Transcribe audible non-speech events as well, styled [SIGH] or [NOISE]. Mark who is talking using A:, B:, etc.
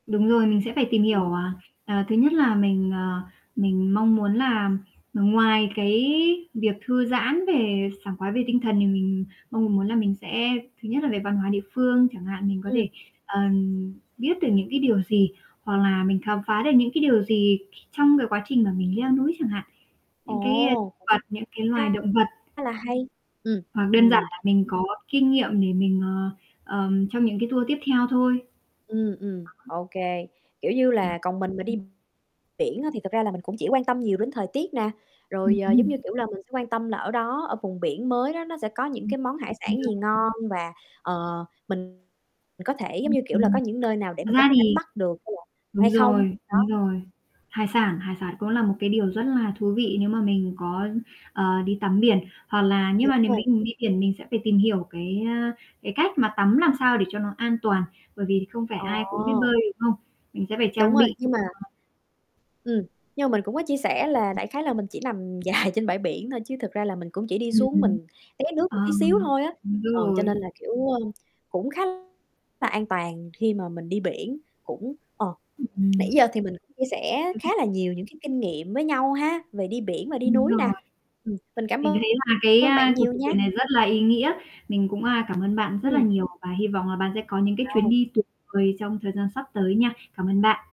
A: Đúng rồi, mình sẽ phải tìm hiểu,
B: Ừm.
A: ờ, ờ, thứ nhất là mình, ờ, mình mong muốn là, ừm, ngoài cái việc thư giãn về sảng khoái về tinh thần thì mình mong muốn là mình sẽ thứ nhất là về văn hóa địa phương chẳng hạn, mình có
B: Ừm.
A: thể, ờ, biết được những cái điều gì hoặc là mình khám phá được những cái điều gì c trong cái quá trình mà mình leo núi chẳng hạn. Những cái, a,
B: Ồ,
A: thực
B: cũng
A: vật, những cái
B: cũng khá
A: loài động vật.
B: khá là hay. Ừm,
A: Hoặc đơn giản
B: ừm.
A: là mình có kinh nghiệm để mình, ờ, ờ, trong những cái tour tiếp theo thôi.
B: Ừm, ừm,
A: Đó.
B: ô kê, kiểu như là, còn mình mà đi
A: [UNINTELLIGIBLE]
B: biển á, thì thật ra là mình cũng chỉ quan tâm nhiều đến thời tiết nè,
A: Ừm,
B: rồi, ờ, giống như,
A: ừm.
B: kiểu là, mình sẽ quan tâm là ở đó, ở vùng biển mới đó nó sẽ có những
A: Ừm,
B: cái món hải
A: đúng
B: sản gì
A: rồi.
B: ngon và, ờ, mình mình có thể giống
A: Ừm,
B: như, kiểu là, có
A: ừm.
B: những nơi nào để
A: Thật
B: mình có
A: ra
B: thể đánh
A: thì
B: bắt được hay là hay
A: đúng
B: không?
A: rồi, đúng
B: Đó.
A: rồi. Hải sản hải sản cũng là một cái điều rất là thú vị nếu mà mình có, ờ, đi tắm biển, hoặc là nếu
B: Đúng
A: mà nếu
B: rồi.
A: mình đi biển mình sẽ phải tìm hiểu cái, ơ, cái cách mà tắm làm sao để cho nó an toàn. Bởi vì không phải ai cũng biết
B: Ồ.
A: bơi, đúng không? Mình sẽ phải
B: Đúng
A: trang
B: rồi,
A: bị
B: nhưng mà
A: cho
B: Ừm, nhưng mà mình cũng có chia sẻ là đại khái là mình chỉ nằm dài trên bãi biển thôi chứ thực ra là mình cũng chỉ đi
A: Ừm,
B: xuống
A: ừm.
B: mình té nước một tí xíu
A: Ờm,
B: thôi á,
A: đúng
B: ừ, cho
A: rồi.
B: nên là kiểu, ơ, cũng khá là an toàn khi mà mình đi biển. Cũng ờ,
A: Ưm,
B: nãy giờ thì mình cũng chia sẻ khá
A: ừm.
B: là nhiều những cái kinh nghiệm với nhau ha, về đi biển và đi
A: Đúng
B: núi
A: rồi.
B: nè, ừm, mình cảm
A: Mình thấy
B: ơn
A: là cái,
B: ơn
A: a,
B: bạn
A: cuộc
B: nhiều
A: trò
B: nha.
A: chuyện này rất là ý nghĩa. Mình cũng, a, cảm ơn bạn rất là
B: Ừm.
A: nhiều và hy vọng là bạn sẽ có những cái chuyến
B: [UNINTELLIGIBLE]
A: đi tuyệt vời trong thời gian sắp tới nha. Cảm ơn bạn.